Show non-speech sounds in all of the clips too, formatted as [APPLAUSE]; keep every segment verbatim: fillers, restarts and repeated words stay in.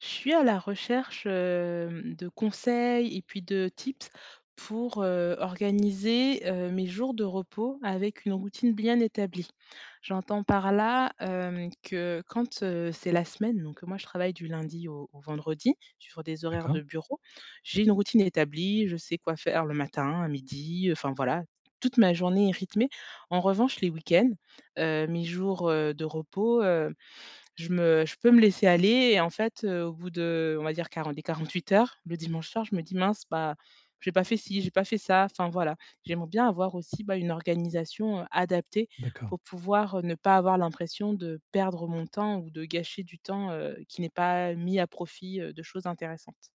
Je suis à la recherche, hem, de conseils et puis de tips pour, heu, organiser, heu, mes jours de repos avec une routine bien établie. J'entends par là, hem, que quand, heu, c'est la semaine, donc moi, je travaille du lundi au au vendredi sur des horaires D'accord. de bureau. J'ai une routine établie, je sais quoi faire le matin, à midi, heu, enfin voilà. Toute ma journée est rythmée. En revanche, les week-ends, heu, mes jours, heu, de repos, heu, je me je peux me laisser aller et en fait, heu, au bout de on va dire quarante quarante-huit heures, le dimanche soir, je me dis: «Mince, bah, j'ai pas fait ci, j'ai pas fait ça» enfin voilà. J'aimerais bien avoir aussi, bah, une organisation, heu, adaptée D'accord. pour pouvoir, heu, ne pas avoir l'impression de perdre mon temps ou de gâcher du temps, heu, qui n'est pas mis à profit, heu, de choses intéressantes.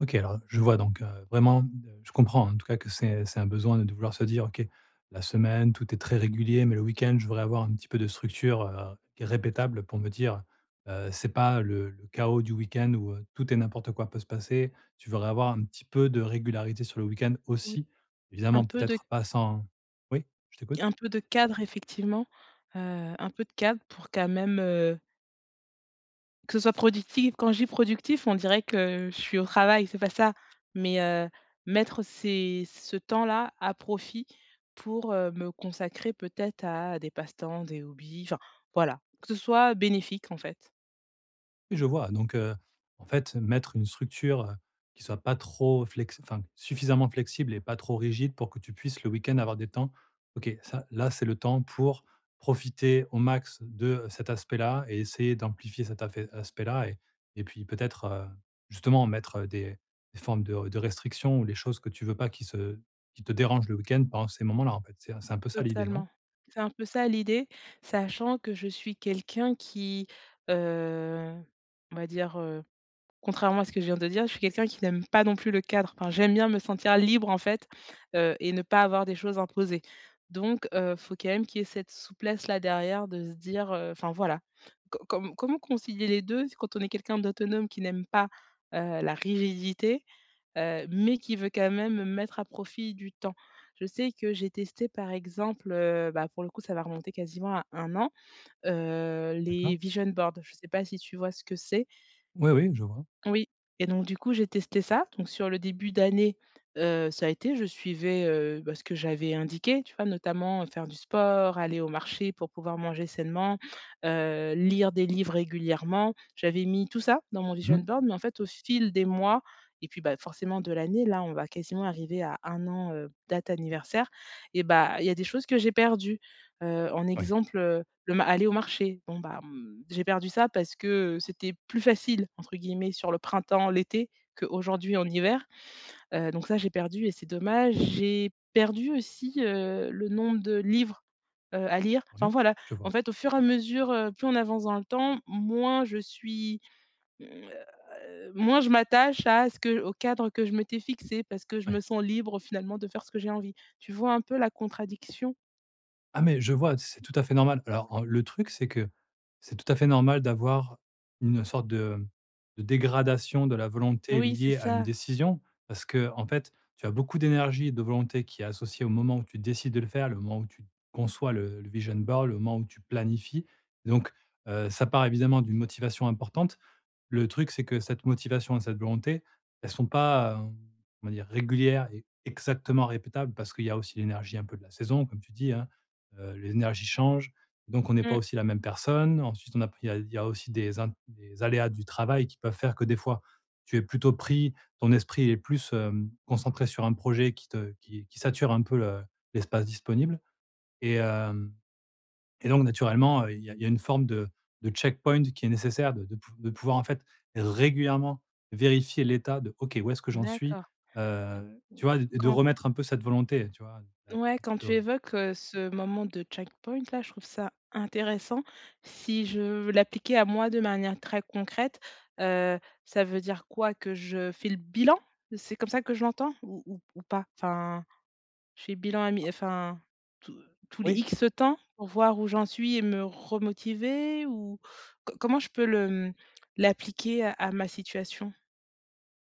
OK, alors, je vois donc, heu, vraiment, ne je comprends en tout cas que c'est, heu, c'est un besoin de de vouloir se dire: «OK, la semaine tout est très régulier, mais le week-end, je voudrais avoir un petit peu de structure, heu, gu répétable, pour me dire "Heu, c'est pas, heu, le le chaos du week-end où, heu, tout et n'importe quoi peut se passer"». Tu voudrais avoir un petit peu de régularité sur le week-end Oui aussi, un évidemment, peu de peut-être pas sans oui, je t'écoute. un peu de cadre effectivement, heu, un peu de cadre pour quand même, heu Que ce soit productif, quand je dis: «productif», on dirait que je suis au travail, c'est pas ça, mais heu, mettre ces ce temps-là à profit pour, heu, me consacrer, peut-être, à des passe-temps, des hobbies, enfin, voilà. Que ce soit bénéfique, en fait. Je vois donc, heu, en fait, mettre une structure, qui soit pas trop flex enfin suffisamment flexible et pas trop rigide, pour que tu puisses, le week-end, avoir des temps. OK, ça, là, c'est le temps pour profiter au max de cet aspect-là et essayer d'amplifier cet afé aspect-là et et puis, peut-être, heu, justement, mettre des formes de de restrictions ou des choses que tu veux pas qui se qui te dérangent le week-end pendant ces moments-là, en fait, c'est c'est un peu ça, l'idée, non? Totalement. C'est un peu ça, l'idée, sachant que je suis quelqu'un qui, heu, on va dire, heu, contrairement à ce que je viens de dire, je suis quelqu'un qui n'aime pas non plus le cadre. Enfin, j'aime bien me sentir libre, en fait, heu, et ne pas avoir des choses imposées, donc, heu, faut quand même qu'il y ait cette souplesse, là, derrière, de se dire, heu: «Enfin voilà, co comme comment concilier les deux quand on est quelqu'un d'autonome qui n'aime pas, heu, la rigidité, heu, mais qui veut, quand même, mettre à profit du temps?» Je sais que j'ai testé, par exemple, heu, bah, pour le coup, ça va remonter quasiment à un an, heu, les D'accord. vision boards. Je sais pas si tu vois ce que c'est? Oui, oui, je vois. Oui, et donc du coup, j'ai testé ça, donc sur le début d'année, heu, ça a été. Je suivais, heu, bah, ce que j'avais indiqué, tu vois? Notamment faire du sport, aller au marché pour pouvoir manger sainement, heu, lire des livres régulièrement. J'avais mis tout ça dans mon vision Mmh. boards, mais en fait, au fil des mois et puis, bah, forcément de l'année, là, on va quasiment arriver à un an, heu, date anniversaire, et bah, il y a des choses que j'ai perdues. Heu, en Ouais. exemple, heu, le ma aller au marché. Bon, bah, mmh, j'ai perdu ça parce que, heu, c'était plus facile, entre guillemets, sur le printemps, l'été qu'aujourd'hui, en hiver. Heu, donc ça, j'ai perdu et c'est dommage. J'ai perdu aussi, heu, le nombre de livres, heu, à lire. Enfin, Oui, voilà. je En vois. fait, au fur et à mesure, heu, plus on avance dans le temps, moins je suis, mmh, heu heu, moins je m'attache à ce que au cadre que je m'étais fixé parce que je me Ouais. sens libre, finalement, de faire ce que j'ai envie. Tu vois un peu la contradiction? Ah mais je vois, c'est tout à fait normal. Alors, en le truc c'est que, c'est tout à fait normal d'avoir une sorte de, mmh, de dégradation de la volonté Oui, c'est liée à une ça. décision parce que, en fait, tu as beaucoup d'énergie et de volonté qui est associée au moment où tu décides de le faire, le moment où tu conçois le le vision board, le moment où tu planifies. Donc, heu, ça part évidemment d'une motivation importante. Le truc, c'est que cette motivation et cette volonté, elles sont pas ,hem, on va dire, régulière et exactement répétable parce qu'il y a aussi l'énergie un peu de la saison comme tu dis, hein, heu, l'énergie change donc on n'est pas Mmh. aussi la même personne ensuite on apprit il y a aussi des un des int des aléas du travail qui peuvent faire que des fois tu es plutôt pris, ton esprit est plus, hem, concentré sur un projet qui te qui qui sature un peu le l'espace disponible et hem, et donc, naturellement, il y a il y a une forme de de checkpoint qui est nécessaire de de pou de pouvoir en fait régulièrement vérifier l'état de: «OK où est-ce que j'en suis» D'accord. heu, tu vois? et de Quand remettre un peu cette volonté, heu, tu vois? Ah ouais, petit quand peu tu heu évoques, heu, ce moment de checkpoint là, je trouve ça intéressant. Si je veux l'appliquer à moi de manière très concrète, heu, ça veut dire quoi que je fais le bilan? C'est comme ça que je l'entends ou ou ou pas? Enfin, je fais le bilan a mi enfin, tous tous les Oui. X temps pour voir où j'en suis et me remotiver ou co comment je peux le mmh, l'appliquer à à ma situation?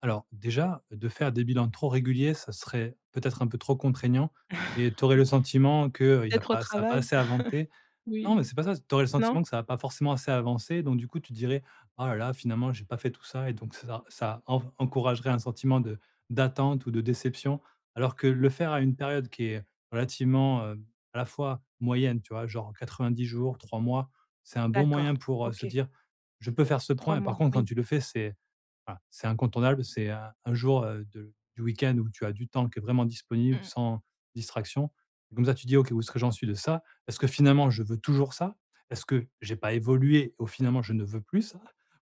Alors, déjà, de faire des bilans trop réguliers ça serait, peut-être un peu trop contraignant et tu [CHUCKLES] aurais Oui. le sentiment qu'il y a Peut-être au pas ça a pas travail? assez avanté. [CHUCKLES] Non Oui, mais c'est pas ça c tu aurais le non? sentiment que ça a pas forcément assez avancé donc du coup, tu dirais: «Oh là là, finalement j'ai pas fait tout ça» et donc c ça ça en v encouragerait un sentiment de d'attente ou de déception. Alors que, le faire à une période qui est, relativement, hem, à la fois, moyenne. Tu vois? Genre quatre vingt dix jours, trois mois, c'est un bon D'accord, moyen pour, heu, se OK. dire: «Je peux faire ce trois point» et par mois, contre quand oui. tu le fais c'est ah, c'est incontournable c'est, heu, un jour, heu, de du week-end où tu as du temps qui est vraiment Mmh disponible mh. sans distraction et comme ça tu dis: «OK, où est-ce que j'en suis de ça? Est-ce que finalement je veux toujours ça? Est-ce que, j'ai pas évolué, au finalement je ne veux plus ça?»,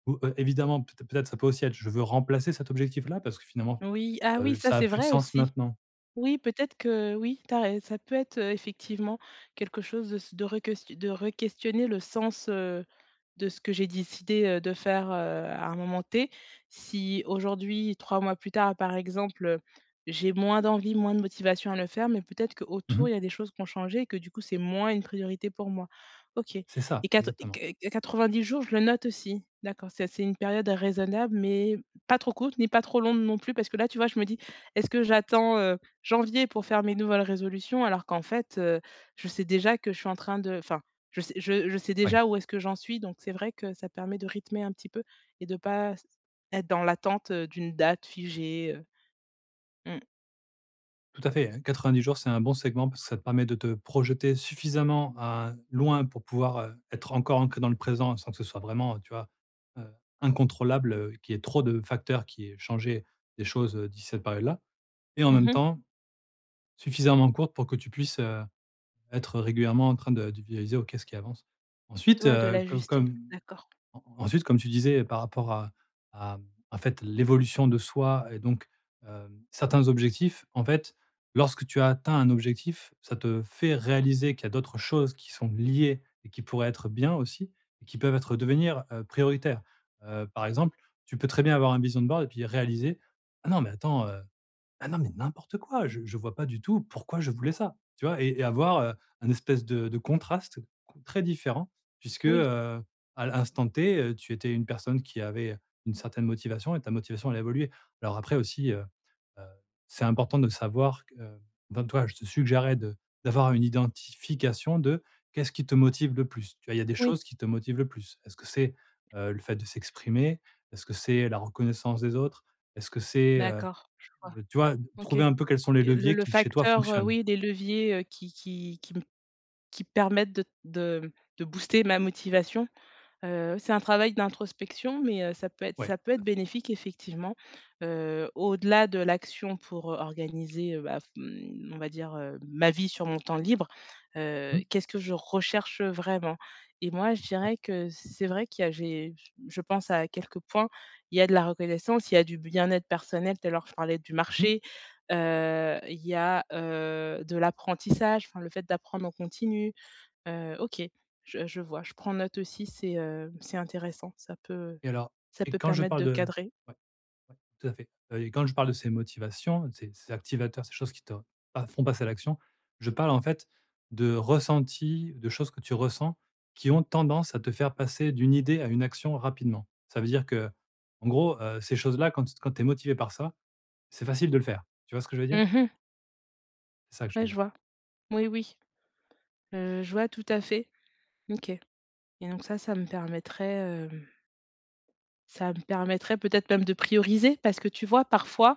ou, heu, évidemment peut êt peut-être ça peut aussi être: «Je veux remplacer cet objectif-là parce que finalement, Oui, ah oui heu, ça ça a c'est plus de vrai sens aussi. maintenant» Oui peut-être que oui, tu as rai ça peut être, heu, effectivement, quelque chose de s de reques de requestionner le sens, heu, de ce que j'ai décidé, heu, de faire, heu, à un moment T. Si, aujourd'hui, trois mois plus tard par exemple, heu, j'ai moins d'envie, moins de motivation à le faire mais peut-être Mmh qu'autour mh. il y a des choses qui ont changé et que du coup c'est moins une priorité pour moi. OK C'est ça, et quatre et exactement. q quatre-vingt-dix jours je le note aussi. D'accord ça c'est une période raisonnable mais, pas trop courte mais pas trop longue non plus parce que là tu vois je me dis: «Est-ce que j'attends heu, janvier pour faire mes nouvelles résolutions alors qu'en fait, heu, je sais déjà que je suis en train de enfin, je sais je je sais Oui. déjà où est-ce que j'en suis donc c'est vrai que ça permet de rythmer un petit peu et de pas s être dans l'attente, heu, d'une date figée, heu. Mmh. Tout à fait, hein, quatre vingt dix jours, c'est un bon segment parce que ça permet de te projeter suffisamment, hein, loin pour pouvoir, heu, être encore inclu dans le présent sans que ce soit vraiment, heu, tu vois, heu, incontrôlable, heu, qu'il y ait trop de facteurs qui aient changé les choses, heu, d'ici cette période-là et en Mmh même mh. temps, suffisamment courte pour que tu puisses, heu, être régulièrement en train de de visualiser ou qu'est-ce qui avance. T Ensuite, ouais de heu, com l'ajuster, comme d'accord. en ensuite comme tu disais par rapport à à mmh, en fait l'évolution de soi et donc, hem, certains objectifs en fait, lorsque tu as atteint un objectif, ça te fait réaliser qu'il y a d'autres choses qui sont liées et qui pourraient être bien aussi et qui peuvent être devenir, heu, prioritaires. Heu, par exemple, tu peux très bien avoir un vision board et puis réaliser: «Ah non mais attends, heu. Ah non, mais n'importe quoi! Je je vois pas du tout pourquoi je voulais ça!» tu vois? Et et avoir, heu, un espèce de de contraste, heu, con très différent puisque, Oui. heu, à l'instant T tu étais une personne qui avait, heu, une certaine motivation et ta motivation allait évoluer. Alors après aussi, heu, heu, c'est important de savoir que, heu, ben, toi, je te suggérerais de d'avoir une identification de qu'est-ce qui te motive le plus? Tu vois, il y a des Oui. choses qui te motivent le plus. Est-ce que c'est, heu, le fait de s'exprimer? Est-ce que c'est la reconnaissance des autres? Est-ce que c'est, heu, D'accord, je vois. heu, tu vois, OK. trouver un peu quels sont les Que le leviers le qui chez toi facteur, heu, fonctionnent? oui des leviers, heu, qui qui qui m qui permettent de t de de booster ma motivation, heu, oui c'est un travail d'introspection, mais, heu, ça peut être Ouais ça peut tout être à fait. bénéfique effectivement, heu, au-delà de l'action pour, heu, organiser, heu, bah, f mmh, on va dire, heu, ma vie sur mon temps libre. Heu, Mmh. qu'est-ce que je recherche vraiment? Et moi, je Ouais. dirais que c'est vrai qu'il y a j'ai je pense à quelques points, il y a de la reconnaissance, il y a du bien-être personnel, tout à l'heure je parlais du Mmh mh. marché. Heu, il y a, heu, de l'apprentissage, enfin le fait d'apprendre en continu. Heu, OK, je je vois, je prends note aussi, c'est, heu, c'est intéressant. Ça peut Et alors ça et peut quand je permettre parle de de cadrer. ouais, ouais, tout à fait. Heu et quand je parle de ces motivations, de ces ces activateurs, ces choses qui te pas font passer à l'action, je parle en fait de ressenti, de choses que tu ressens, qui ont tendance à te faire passer d'une idée à une action rapidement. Ça veut dire qu'en gros, heu, ces choses-là quand t quand tu es motivé par ça, c'est facile de le faire. Tu vois ce que je veux dire? Mmh mh. C'est ça que je veux Ouais, je dire. vois. Oui, oui. Heu, je vois tout à fait, OK et donc ça, ça me permettrait, hem ça me permettrait peut-être même de prioriser parce que, tu vois parfois,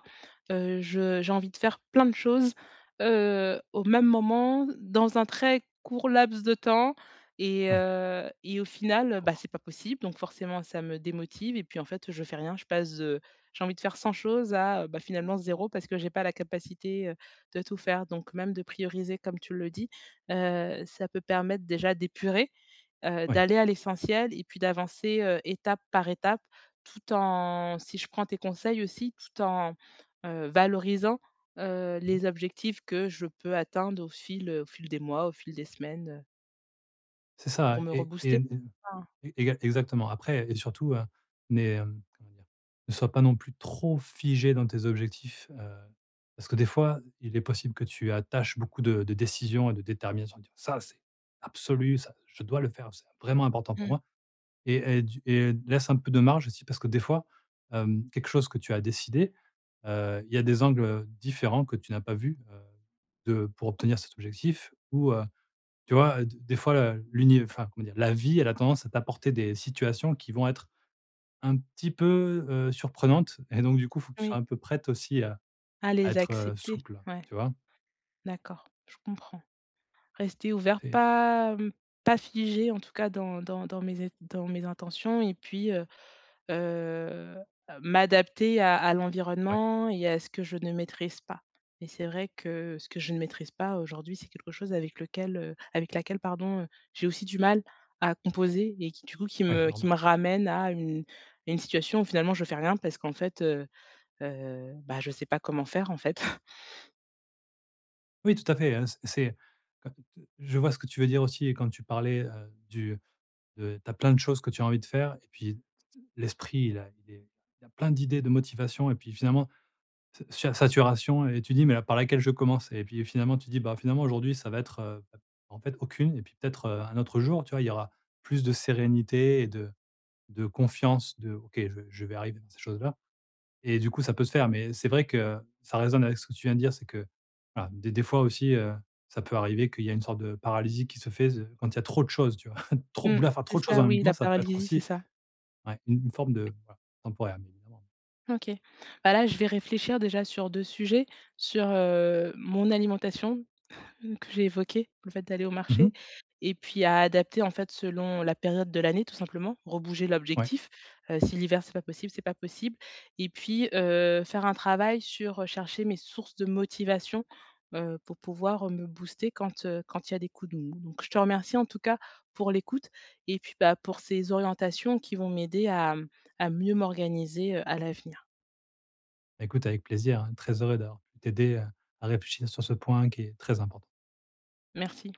heu, je j'ai envie de faire plein de choses, heu, au même moment, dans un très court laps de temps et Ouais. heu et au final, bah, [UNINTELLIGIBLE] c'est pas possible. Donc forcément, ça me démotive et puis en fait, je fais rien. Je passe de j'ai envie de faire cent choses à, bah, finalement zéro parce que j'ai pas la capacité, heu, de tout faire. Donc même, de prioriser comme tu le dis, heu, ça peut permettre déjà d'épurer. Heu, Oui. d'aller à l'essentiel et puis d'avancer, heu, étape par étape tout en si je prends tes conseils aussi, tout en, heu, valorisant, heu, Mmh. les objectifs que je peux atteindre au fil, heu, au fil des mois, au fil des semaines, heu C'est ça, pour me ouais, et rebooster. une Mmh. une exa exactement après et surtout, heu, mais, hem, comment dire? Ne sois pas non plus trop figée dans tes objectifs, heu, parce que des fois, il est possible que tu attaches beaucoup de de décisions et de détermination en te disant: «Ça c'est absolu, ça je dois le faire, c'est vraiment important pour Mmh. moi» et et du et laisse un peu de marge aussi parce que des fois, hem, quelque chose que tu as décidé, heu, il y a des angles, heu, différents que tu n'as pas vu. Heu, de pour obtenir cet objectif ou, heu, tu vois, heu, d des fois l'univ enfin, comment dire? La vie elle a tendance à t'apporter des situations qui vont être un petit peu, heu, surprenantes et donc, du coup, il faut que tu Oui. sois un peu prête aussi à À à les être accepter, souple, ouais. tu vois? D'accord, je comprends. Rester ouvert, Tu es pas, mmh, pas figée en tout cas dans dans dans mes é dans mes intentions et puis, heu heu, m'adapter à à Ouais. l'environnement et à ce que je ne maîtrise pas et c'est vrai que, ce que je ne maîtrise pas aujourd'hui, c'est quelque chose avec lequel heu, avec laquelle, pardon, heu, j'ai aussi du mal à composer et qui, du coup, qui Oui, me qui normal. me ramène à une à une situation où finalement, je fais rien parce qu'en fait, heu heu, bah, je sais pas comment faire en fait. [CHUCKLES] Oui, tout à fait, hein, c c'est, heu, d je vois ce que tu veux dire aussi et quand tu parlais, heu, du heu, tu as plein de choses que tu as envie de faire et puis t d l'esprit il a il est il y a plein d'idées de motivation et puis finalement ça sui saturation et tu dis: «Mais a par laquelle je commence?» et puis, heu, finalement tu dis: «Bah, finalement, aujourd'hui ça va être, heu, bah en fait aucune et puis peut-être, heu, un autre jour». Tu vois? Il y aura plus de sérénité et de de confiance de: «OK je je vais arriver dans ces choses-là et du coup ça peut se faire». Mais c'est vrai que ça résonne avec ce que tu viens de dire, c'est que voilà, des des fois aussi, heu, ça peut arriver qu'il y a une sorte de paralysie qui se fait ze quand il y a trop de choses, tu vois? [CHUCKLES] Trop Mmh. vouloir faire C'est trop de choses en ça même oui, temps, la ça peut être paralysie, c'est aussi, ça. ouais, une une forme de voilà, temporaire, bien évidemment. OK. Bah, là, je vais réfléchir déjà sur deux sujets, sur, heu, mon alimentation, [CHUCKLES] que j'ai évoquée, le fait d'aller au Mmh mh. marché et puis à adapter en fait, selon la période de l'année tout simplement, rebouger Ouais. l'objectif. Heu, si l'hiver, c'est pas possible, c'est pas possible. Et puis, heu, faire un travail sur, heu, chercher mes sources de motivation, heu, pour pouvoir me booster quand, heu, quand il y a des coups de mou. Donc, je te remercie en tout cas pour l'écoute et puis, bah, pour ces orientations qui vont m'aider à, mmh, à mieux m'organiser, heu, à l'avenir. Bah, écoute avec plaisir, hein, très heureux d'avoir pu t'aider, heu, à réfléchir sur ce point qui est très important. Merci.